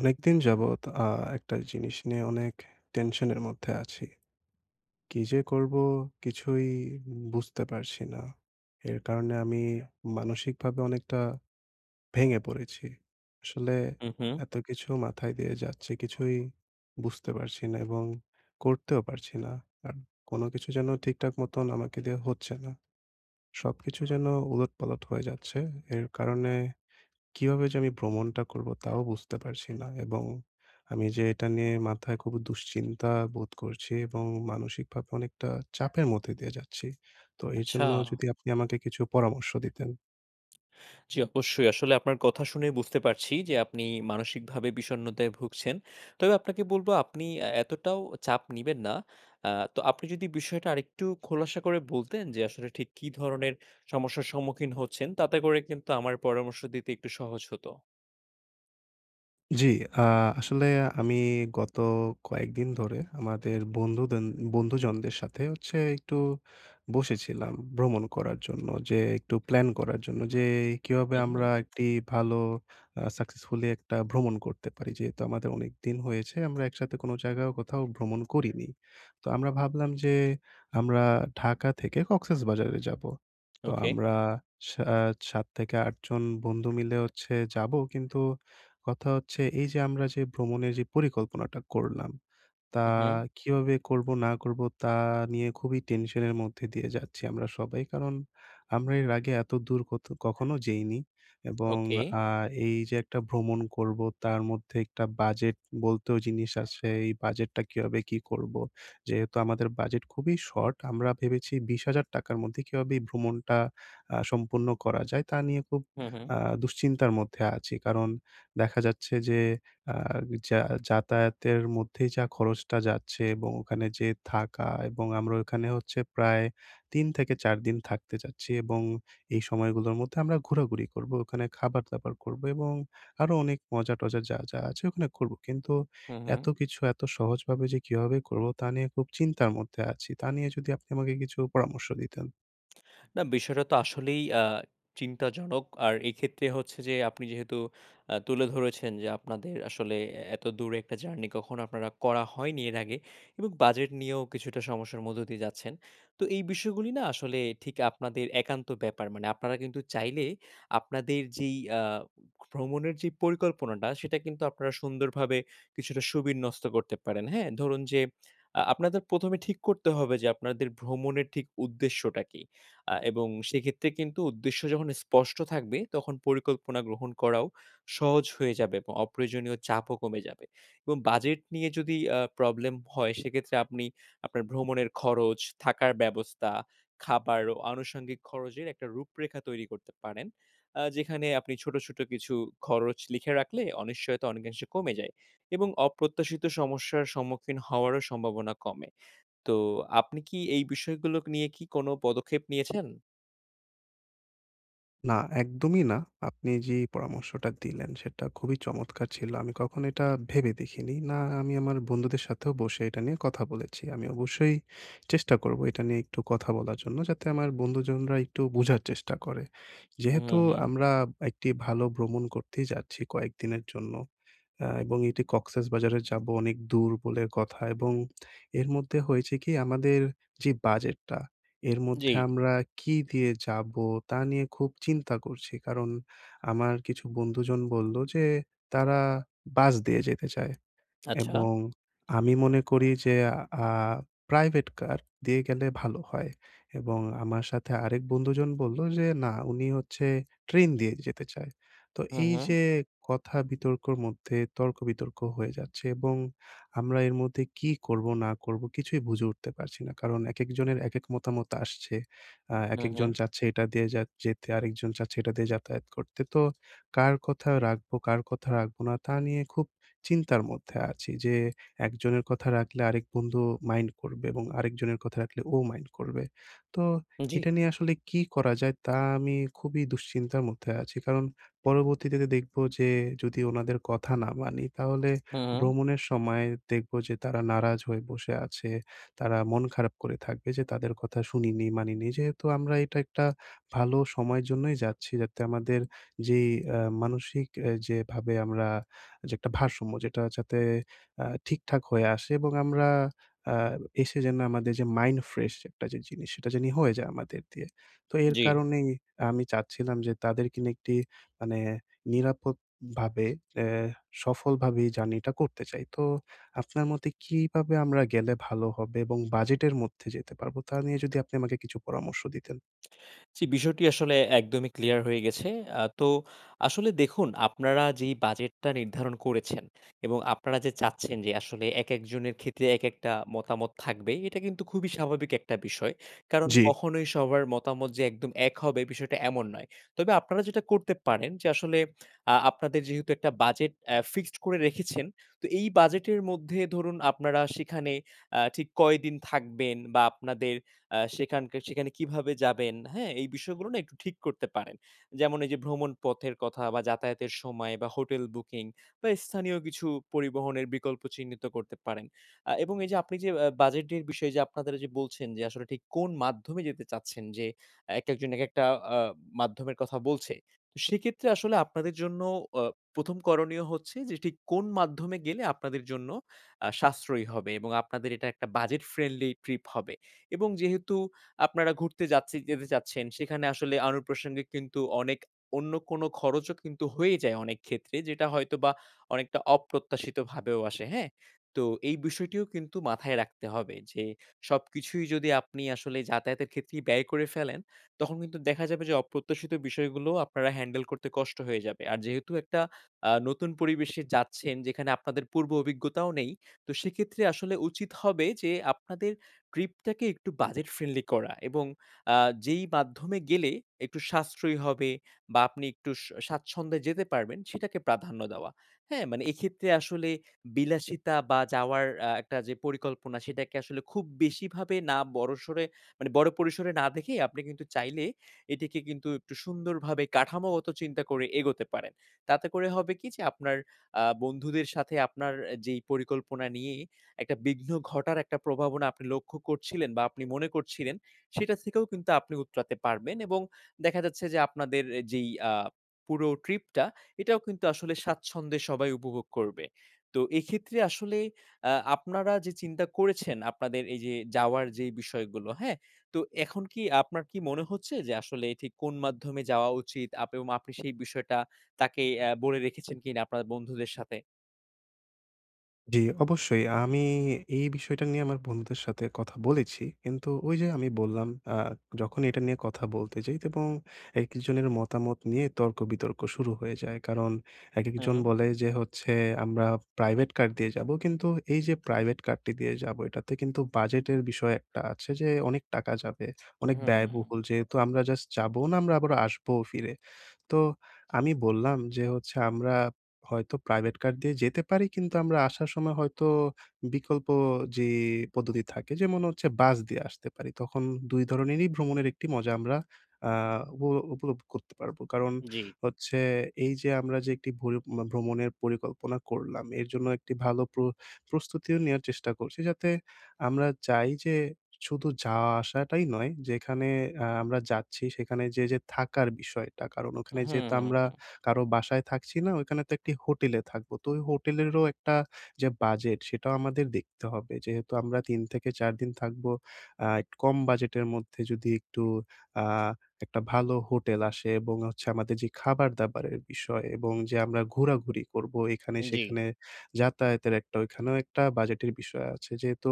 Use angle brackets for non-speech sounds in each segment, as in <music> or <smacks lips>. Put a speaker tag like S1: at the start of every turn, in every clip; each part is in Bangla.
S1: অনেক দিন যাবৎ আ একটা জিনিস নিয়ে অনেক টেনশনের মধ্যে আছি। কী যে করবো কিছুই উম বুঝতে পারছি না। এর কারণে আমি মানসিকভাবে অনেকটা ভেঙে পড়েছি। আসলে
S2: হু, হুম।
S1: এত কিছু মাথায় দিয়ে যাচ্ছে কিছুই বুঝতে পারছি না এবং করতেও পারছি না। আর কোনো কিছু যেন ঠিকঠাক মতন আমাকে দিয়ে হচ্ছে না, সবকিছু যেন উলট-পালট হয়ে যাচ্ছে এর কারণে কিভাবে যে আমি ভ্রমণটা করবো তাও বুঝতে পারছি না এবং আমি যে এটা নিয়ে মাথায় খুব দুশ্চিন্তা বোধ করছি এবং মানসিকভাবে অনেকটা চাপের মধ্যে দিয়ে যাচ্ছি। তো এজন্য
S2: আচ্ছা।
S1: যদি আপনি আমাকে কিছু পরামর্শ দিতেন।
S2: জি অবশ্যই। আসলে আপনার কথা শুনেই বুঝতে পারছি যে আপনি মানসিকভাবে বিষণ্ণতায় ভুগছেন। তবে আপনাকে বলব আপনি আ এতটাও চাপ নিবেন না। আ তো আপনি যদি বিষয়টা আরেকটু খোলাসা করে বলতেন যে আসলে ঠিক কি ধরনের সমস্যার সম্মুখীন হচ্ছেন তাতে করে কিন্তু আমার পরামর্শ দিতে একটু সহজ হত।
S1: জি, আ আসলে আমি গত কয়েকদিন ধরে আমাদের বন্ধুদেন বন্ধুজনদের সাথে হচ্ছে একটু বসেছিলাম ভ্রমণ করার জন্য, যে একটু প্ল্যান করার জন্য যে এ কিভাবে
S2: হু,
S1: আমরা
S2: হু।
S1: একটি ভালো আ সাকসেসফুলি একটা ভ্রমণ করতে পারি। যেহেতু আমাদের অনেকদিন হয়েছে আমরা একসাথে কোনো জায়গায়ও কোথাও ভ্রমণ করিনি। তো আমরা ভাবলাম যে আমরা ঢাকা থেকে কক্সেসবাজারে যাবো। তো
S2: ওকে।
S1: আমরা স্যা ৭ থেকে ৮ জন বন্ধু মিলে হচ্ছে যাবো কিন্তু কথা হচ্ছে এই যে আমরা যে ভ্রমণের যে পরিকল্পনাটা করলাম। তা
S2: হু, হুম।
S1: কীভাবে করবো না করবো তা নিয়ে খুবই টেনশনের মধ্যে দিয়ে যাচ্ছি আমরা সবাই। কারণ আমরা এর আগে এতদূর কোথ কখনো যেইনি এবং
S2: ওকে।
S1: আ এই যে একটা ভ্রমণ করবো তার মধ্যে একটা বাজেট বলতেও জিনিস আসে, এই বাজেটটা কীভাবে কি করবো যেহেতু আমাদের বাজেট খুবই শর্ট আমরা ভেবেছি ৳২০,০০০ র মধ্যে কীভাবে এই ভ্রমণটা আ সম্পূর্ণ করা যায় তা নিয়ে খুব
S2: হু, হু।
S1: আ দুশ্চিন্তার মধ্যে আছি। কারণ দেখা যাচ্ছে যে আ যা যাতায়াতের মধ্যেই যা খরচটা যাচ্ছে এবং ওখানে যেয়ে থাকা এবং আমরা ওখানে হচ্ছে প্রায় ৩ থেকে ৪ দিন থাকতে চাচ্ছি এবং এই সময়গুলোর মধ্যে আমরা ঘোরাঘুরি করবো, ওখানে খাবার-দাবার করবো এবং আরও অনেক মজা-টজা যা, যা আছে ওখানে করবো। কিন্তু
S2: হু,
S1: এত
S2: হু।
S1: কিছু এত সহজভাবে যে কীভাবে করবো তা নিয়ে খুব চিন্তার মধ্যে আছি। তা নিয়ে যদি আপনি আমাকে কিছু পরামর্শ দিতেন।
S2: না বিষয়টাতো আসলেই আ চিন্তাজনক আর এক্ষেত্রে হচ্ছে যে আপনি যেহেতু আ তুলে ধরেছেন যে আপনাদের আসলে এ এত দূরে একটা জার্নি কখনো আপনারা করা হয়নি এর আগে এবং বাজেট নিয়েও কিছুটা সমস্যার মধ্য দিয়ে যাচ্ছেন। তো এই বিষয়গুলি না আসলে ঠিক আপনাদের একান্ত ব্যাপার মানে আপনারা কিন্তু চাইলে আপনাদের যেই আ ভ্রমণের যে পরিকল্পনাটা সেটা কিন্তু আপনারা সুন্দরভাবে কিছুটা সুবিন্যস্ত করতে পারেন। হ্যাঁ? ধরুন যে <smacks lips> আ আপনাদের ১ম এ ঠিক করতে হবে যে আপনাদের ভ্রমণের ঠিক উদ্দেশ্যটা কি? আ এবং সেক্ষেত্রে কিন্তু উদ্দেশ্য যখন স্পষ্ট থাকবে তখন পরিকল্পনা গ্রহণ করাও সহজ হয়ে যাবে এবং অপ্রয়োজনীয় চাপও কমে যাবে এবং বাজেট নিয়ে যদি আ প্রবলেম হয় সেক্ষেত্রে আপনি আপনার ভ্রমণের খরচ, থাকার ব্যবস্থা, খাবার ও আনুষঙ্গিক খরচের একটা রূপরেখা তৈরি করতে পারেন। আ যেখানে আপনি ছোট, ছোট কিছু খরচ লিখে রাখলে অনিশ্চয়ত অনেকাংশে কমে যায়। এবং অপ্রত্যাশিত সমস্যার সম্মুখীন হওয়ারও সম্ভাবনা কমে। তো আপনি কি এই বিষয়গুলোক নিয়ে কি কোন পদক্ষেপ নিয়েছেন?
S1: না একদমই না। আপনি যে পরামর্শটা দিলেন সেটা খুবই চমৎকার ছিল। আমি কখনো এটা ভেবে দেখিনি। না, আমি আমার বন্ধুদের সাথেও বসে এটা নিয়ে কথা বলেছি। আমি অবশ্যই চেষ্টা করবো এটা নিয়ে একটু কথা বলার জন্য, যাতে আমার বন্ধুজনরা একটু বোঝার চেষ্টা করে।
S2: হুম,
S1: যেহেতু
S2: হুম, হুম।
S1: আমরা একটি ভালো ভ্রমণ করতেই যাচ্ছি কয়েকদিনের জন্য। আ এবং এটি 'কক্সসবাজারে' যাবো অনেক দূর বলে কথা, এবং এর মধ্যে হয়েছে কি আমাদের যে বাজেটটা এর মধ্যে
S2: জি।
S1: আমরা কী দিয়ে যাবো তা নিয়ে খুব চিন্তা করছি। কারণ আমার কিছু বন্ধুজন বলল যে ''তারা বাস দিয়ে যেতে চায়''
S2: আচ্ছা।
S1: এবং, আমি মনে করি যে আ 'প্রাইভেট কার' দিয়ে গেলে ভালো হয়, এবং আমার সাথে আরেক বন্ধুজন বলল যে না উনি হচ্ছে 'ট্রেন' দিয়ে যেতে চায় তো
S2: হুম,
S1: এই
S2: হুম।
S1: যে কথা বিতর্কের মধ্যে তর্ক-বিতর্ক হয়ে যাচ্ছে, এবং আমরা এর মধ্যে কি করবো না করবো কিছুই বুঝে উঠতে পারছি না। কারণ একেকজনের একেক মতামত আসছে। আ
S2: হুম,
S1: একেকজন
S2: হুম।
S1: চাচ্ছে এটা দিয়ে যাত যেতে আরেকজন চাচ্ছে এটা দিয়ে যাতায়াত করতে তো কার কথা রাখবো, কার কথা রাখবো না তা নিয়ে খুব চিন্তার মধ্যে আছি। যে একজনের কথা রাখলে আরেক বন্ধু মাইন্ড করবে, এবং আরেকজনের কথা রাখলে ও মাইন্ড করবে। তো
S2: জি।
S1: এটা নিয়ে আসলে কী করা যায় তা আমি খুবই দুশ্চিন্তার মধ্যে আছি, কারণ পরবর্তীতে দেখবো যে যদি ওনাদের কথা না মানি তাহলে
S2: হুম, হুম।
S1: ভ্রমণের সময় দেখবো যে তারা নারাজ হয়ে বসে আছে। তারা মন খারাপ করে থাকবে যে তাদের কথা শুনিনি-মানিনি যেহেতু আমরা এটা একটা ভালো সময়ের জন্যই যাচ্ছি, যাতে আমাদের যেই আ মানসিক আ যেভাবে আমরা যে একটা ভারসাম্য যেটা যাতে আ ঠিক-ঠাক হয়ে আসে এবং আমরা আ এসে যেন আমাদের যে 'মাইন্ড ফ্রেশ একটা যে জিনিস সেটা জানি হয়ে যায় আমাদের দিয়ে।' তো এর
S2: জি।
S1: কারণেই আমি চাচ্ছিলাম যে তাদেরকে নিয়ে একটি মানে নিরাপদভাবে অ্যা সফলভাবে এই জার্নি-টা করতে চাই। তো আপনার মতে কিভাবে আমরা গেলে ভালো হবে এবং বাজেটের মধ্যে যেতে পারবো? তা নিয়ে যদি আপনি আমাকে কিছু পরামর্শ দিতেন।
S2: জি, বিষয়টি আসলে একদমই ক্লিয়ার হয়ে গেছে। আ তো আসলে দেখুন আপনারা যেই বাজেটটা নির্ধারণ করেছেন, এবং আপনারা যে চাচ্ছেন যে আসলে একেকজনের ক্ষেত্রে, একেকটা মতামত থাকবেই, এটা কিন্তু খুবই স্বাভাবিক একটা বিষয়। কারণ
S1: জী।
S2: কখনোই সবার মতামত যে একদম এক হবে বিষয়টা এমন নয়। তবে আপনারা যেটা করতে পারেন যে আসলে আ আপনাদের যেহেতু একটা বাজেট অ্যা ফিক্সড করে রেখেছেন তো এই বাজেট এর মধ্যে ধরুন, আপনারা সেখানে আ ঠিক কয়দিন থাকবেন? বা, আপনাদের আ সেখানকার সেখানে কিভাবে যাবেন, হ্যাঁ? এই বিষয়গুলো না একটু ঠিক করতে পারেন। যেমন এই যে ভ্রমণ পথের কথা বা, যাতায়াতের সময় বা, hotel booking বা, স্থানীয় কিছু পরিবহনের বিকল্প চিহ্নিত করতে পারেন। আ এবং এই যে আপনি যে আ বাজেটের বিষয়ে যে আপনাদের বলছেন যে আসলে ঠিক কোন মাধ্যমে যেতে চাচ্ছেন, যে একেকজন একেকটা আ মাধ্যমের কথা বলছে। সেক্ষেত্রে আসলে আপনাদের জন্য আ প্রথম করণীয় হচ্ছে যে ঠিক কোন মাধ্যমে গেলে আপনাদের জন্য আ সাশ্রয়ী হবে। এবং আপনাদের এটা একটা budget friendly trip হবে। এবং যেহেতু আপনারা ঘুরতে যাচ্ছে যেতে চাচ্ছেন সেখানে আসলে অনুপ্রাশনংগিক কিন্তু অনেক অন্য কোন খরচও কিন্তু হয়েই যায় অনেক ক্ষেত্রে। যেটা হয়তোবা অনেকটা অপ্রত্যাশিতভাবেও আসে। হ্যাঁ? তো এই বিষয়টিও কিন্তু মাথায় রাখতে হবে, যে সবকিছুই যদি আপনি আসলে যাতায়াতের ক্ষেত্রেই ব্যয় করে ফেলেন, তখন কিন্তু দেখা যাবে যে অপ্রত্যাশিত বিষয়গুলো আপনারা হ্যান্ডেল করতে কষ্ট হয়ে যাবে। আর যেহেতু একটা আ নতুন পরিবেশে যাচ্ছেন, যেখানে আপনাদের পূর্ব অভিজ্ঞতাও নেই তো সেক্ষেত্রে আসলে উচিত হবে যে আপনাদের ট্রিপটাকে একটু বাজেট ফ্রেন্ডলি করা, এবং আ যেই মাধ্যমে গেলে একটু সাশ্রয়ী হবে বা, আপনি একটু স স্বাচ্ছন্দে যেতে পারবেন সেটাকে প্রাধান্য দেওয়া। হ্যাঁ? মানে এক্ষেত্রে আসলে বিলাসিতা বা, যাওয়ার আ একটা যে পরিকল্পনা সেটাকে আসলে খুব বেশিভাবে না বড় সরে মানে বড় পরিসরে না দেখেই আপনি কিন্তু চাইলে এটিকে কিন্তু একটু সুন্দরভাবে কাঠামোগত চিন্তা করে এগোতে পারেন। তাতে করে হবে কি যে আপনার আ বন্ধুদের সাথে আপনার যেই পরিকল্পনা নিয়ে একটা বিঘ্ন ঘটার একটা প্রভাবনা আপনি লক্ষ্য করছিলেন বা, আপনি মনে করছিলেন সেটা থেকেও কিন্তু আপনি উতঠতে পারবেন। এবং দেখা যাচ্ছে যে আপনাদের যেই আ পুরো ট্রিপ-টা এটাও কিন্তু আসলে স্বাচ্ছন্দে সবাই উপভোগ করবে। তো এক্ষেত্রে আসলে আ আপনারা যে চিন্তা করেছেন আপনাদের এই যে যাওয়ার যে বিষয়গুলো, হ্যাঁ? তো এখন কি আপনার কি মনে হচ্ছে যে আসলে এটি কোন মাধ্যমে যাওয়া উচিত? আপ ও আপনি সেই বিষয়টা তাকে অ্যা বলে রেখেছেন কিনা আপনার বন্ধুদের সাথে?
S1: জি, অবশ্যই আ আমি এই বিষয়টা নিয়ে আমার বন্ধুদের সাথে কথা বলেছি। কিন্তু ওইযে আমি বললাম আ যখন এটা নিয়ে কথা বলতে যাই এবং একজনের মতামত নিয়ে তর্কবিতর্ক শুরু হয়ে যায়। কারণ একেকজন
S2: উহু।
S1: বলে যে হচ্ছে আমরা প্রাইভেট কার দিয়ে যাবো, কিন্তু এইযে প্রাইভেট কারটি দিয়ে যাবো, এটাতে কিন্তু বাজেটের বিষয় একটা আছে যে অনেক টাকা যাবে, অনেক
S2: হুম।
S1: ব্যয়বহুল যেহেতু আমরা জাস্ট যাবো না, আমরা আবার আসবোও ফিরে। তো আমি বললাম যে হচ্ছে আমরা, হয়তো প্রাইভেট কার দিয়ে যেতে পারি কিন্তু আমরা আসার সময় হয়তো বিকল্প যে পদ্ধতি থাকে যেমন হচ্ছে বাস দিয়ে আসতে পারি। তখন ২ ধরণেরই ভ্রমণের একটি মজা আমরা আ উপ উপলব্ধ করতে পারবো। কারণ
S2: জি।
S1: হচ্ছে এইযে আমরা যে একটি ভরি ভ্রমণের পরিকল্পনা করলাম, এর জন্য একটি ভালো প্র প্রস্তুতিও নেওয়ার চেষ্টা করছি যাতে, আমরা চাই যে, শুধু যাওয়া আসাটাই নয় যেখানে আ আমরা যাচ্ছি সেখানে যে যে থাকার বিষয়টা কারণ ওখানে যেহেতু আমরা
S2: হুম।
S1: কারো বাসায় থাকছি না, ওইখানে তো একটি হোটেলে থাকবো, তো ওই হোটেলেরও একটা যে বাজেট সেটাও আমাদের দেখতে হবে যেহেতু আমরা ৩ থেকে ৪ দিন থাকবো, আ কম বাজেটের মধ্যে যদি একটু আ একটা ভালো হোটেল আসে এবং হচ্ছে আমাদের যে খাবার দাবারের বিষয় এবং যে আমরা ঘোরাঘুরি করবো এখানে
S2: জি।
S1: সেখানে, যাতায়াতের একটা ওইখানেও একটা বাজেটের বিষয় আছে যেহেতু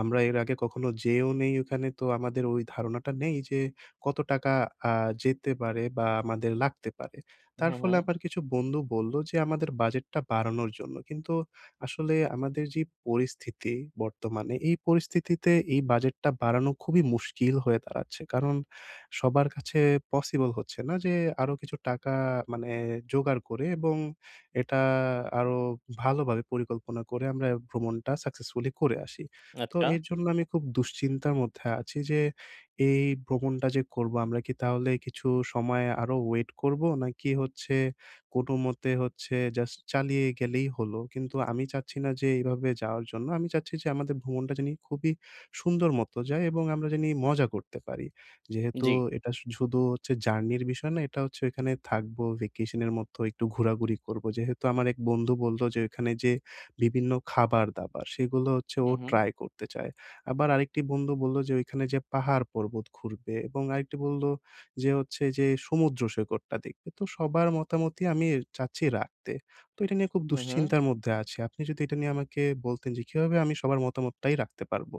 S1: আমরা এর আগে কখনো যেয়েও নেই ওখানে তো আমাদের ওই ধারণাটা নেই যে, কত টাকা আ যেতে পারে বা আমাদের লাগতে পারে। তার
S2: হু,
S1: ফলে
S2: হু।
S1: আমার কিছু বন্ধু বলল যে আমাদের বাজেটটা বাড়ানোর জন্য কিন্তু আসলে আমাদের যে পরিস্থিতি, বর্তমানে এই পরিস্থিতিতে এই বাজেটটা বাড়ানো খুবই মুশকিল হয়ে দাঁড়াচ্ছে কারণ সবার কাছে পসিবল হচ্ছে না যে আরো কিছু টাকা মানে জোগাড় করে এবং এটা আরো ভালোভাবে পরিকল্পনা করে আমরা ভ্রমণটা সাকসেসফুলি করে আসি। তো
S2: আচ্ছা।
S1: এর জন্য আমি খুব দুশ্চিন্তার মধ্যে আছি যে এই ভ্রমণটা যে করব আমরা কি তাহলে কিছু সময় আরো ওয়েট করবো? নাকি হচ্ছে কোন মতে হচ্ছে জাস্ট চালিয়ে গেলেই হলো। কিন্তু আমি চাচ্ছি না যে এইভাবে যাওয়ার জন্য। আমি চাচ্ছি যে আমাদের ভ্রমণটা জানি খুবই সুন্দর মত যায় এবং আমরা জানি মজা করতে পারি। যেহেতু
S2: জি।
S1: এটা শু শুধু হচ্ছে জার্নির বিষয় না, এটা হচ্ছে ওইখানে থাকবো ভ্যাকেশনের মতো একটু ঘোরাঘুরি করবো যেহেতু আমার এক বন্ধু বললো যে ওইখানে যে বিভিন্ন খাবারদাবার সেগুলো হচ্ছে ও
S2: উহু।
S1: ট্রাই করতে চায় আবার আরেকটি বন্ধু বললো যে ওইখানে যে পাহাড় পর্বত ঘুরবে এবং আরেকটি বললো যে হচ্ছে যে সমুদ্র সৈকতটা দেখবে, তো সবার মতামতই আমি চাচ্ছি রাখতে। তো এটা নিয়ে খুব
S2: হু, হু।
S1: দুশ্চিন্তার মধ্যে আছি, আপনি যদি এটা নিয়ে আমাকে বলতেন যে কীভাবে আমি সবার মতামতটাই রাখতে পারবো?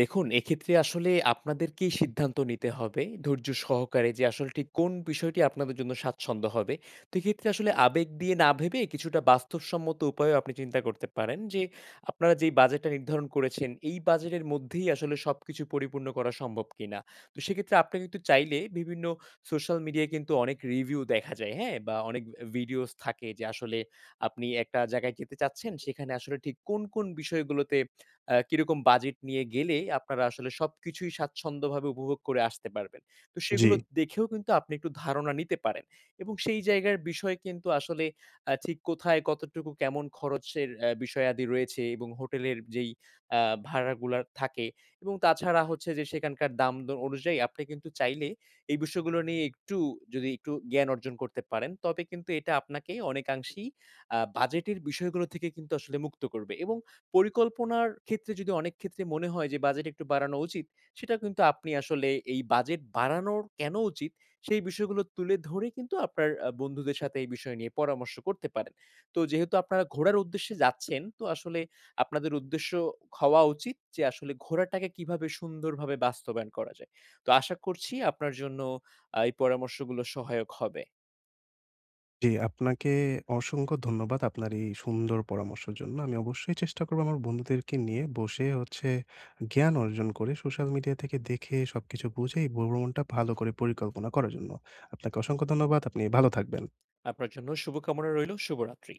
S2: দেখুন এক্ষেত্রে আসলে আপনাদেরকেই সিদ্ধান্ত নিতে হবে, ধৈর্য সহকারে যে আসলটি কোন বিষয়টি আপনাদের জন্য স্বাচ্ছন্দ্য হবে। তো এক্ষেত্রে আসলে আবেগ দিয়ে না ভেবে কিছুটা বাস্তবসম্মত উপায়ও আপনি চিন্তা করতে পারেন, যে আপনারা যেই বাজেটটা নির্ধারণ করেছেন, এই বাজেটের মধ্যেই আসলে সবকিছু পরিপূর্ণ করা সম্ভব কিনা। তো সেক্ষেত্রে আপনি কিন্তু চাইলে বিভিন্ন সোশ্যাল মিডিয়ায় কিন্তু অনেক রিভিউ দেখা যায়, হ্যাঁ? বা অনেক ভিডিওস থাকে যে আসলে আপনি একটা জায়গায় যেতে চাচ্ছেন, সেখানে আসলে ঠিক কোন, কোন বিষয়গুলোতে আ কিরকম বাজেট নিয়ে গেলে আপনারা আসলে সবকিছুই স্বাচ্ছন্দ্যভাবে উপভোগ করে আসতে পারবেন। তো সেগুলো
S1: জি।
S2: দেখেও কিন্তু আপনি একটু ধারণা নিতে পারেন। এবং সেই জায়গার বিষয় কিন্তু আসলে আ ঠিক কোথায়, কতটুকু, কেমন খরচের এ বিষয়াদি রয়েছে এবং হোটেলের যেই আ ভাড়াগুলা থাকে এবং তাছাড়া হচ্ছে যে সেখানকার দাম দ অনুযায়ী আপনি কিন্তু চাইলে, এই বিষয়গুলো নিয়ে একটু যদি একটু জ্ঞান অর্জন করতে পারেন তবে কিন্তু এটা আপনাকে অনেকাংশেই আ বাজেটের বিষয়গুলো থেকে কিন্তু আসলে মুক্ত করবে। এবং পরিকল্পনার ক্ষেত্রে যদি অনেক ক্ষেত্রে মনে হয় যে বাজেট একটু বাড়ানো উচিত, সেটা কিন্তু আপনি আসলে এই বাজেট বাড়ানো কেন উচিত? সেই বিষয়গুলো তুলে ধরে কিন্তু আপনার আ বন্ধুদের সাথে এই বিষয় নিয়ে পরামর্শ করতে পারেন। তো যেহেতু আপনারা ঘোরার উদ্দেশ্যে যাচ্ছেন, তো আসলে আপনাদের উদ্দেশ্য হওয়া উচিত যে, আসলে ঘোরাটাকে কিভাবে সুন্দরভাবে বাস্তবায়ন করা যায়। তো আশা করছি আপনার জন্য আ এই পরামর্শগুলো সহায়ক হবে।
S1: জি, আপনাকে অসংখ্য ধন্যবাদ, আপনার এই সুন্দর পরামর্শের জন্য। আমি অবশ্যই চেষ্টা করব আমার বন্ধুদেরকে নিয়ে বসে হচ্ছে, জ্ঞান অর্জন করে, সোশ্যাল মিডিয়া থেকে দেখে সবকিছু বুঝে ভ্র ভ্রমণটা ভালো করে পরিকল্পনা করার জন্য। আপনাকে অসংখ্য ধন্যবাদ। আপনি ভালো থাকবেন।
S2: আপনার জন্যও শুভ কামনা রইল। শুভরাত্রি।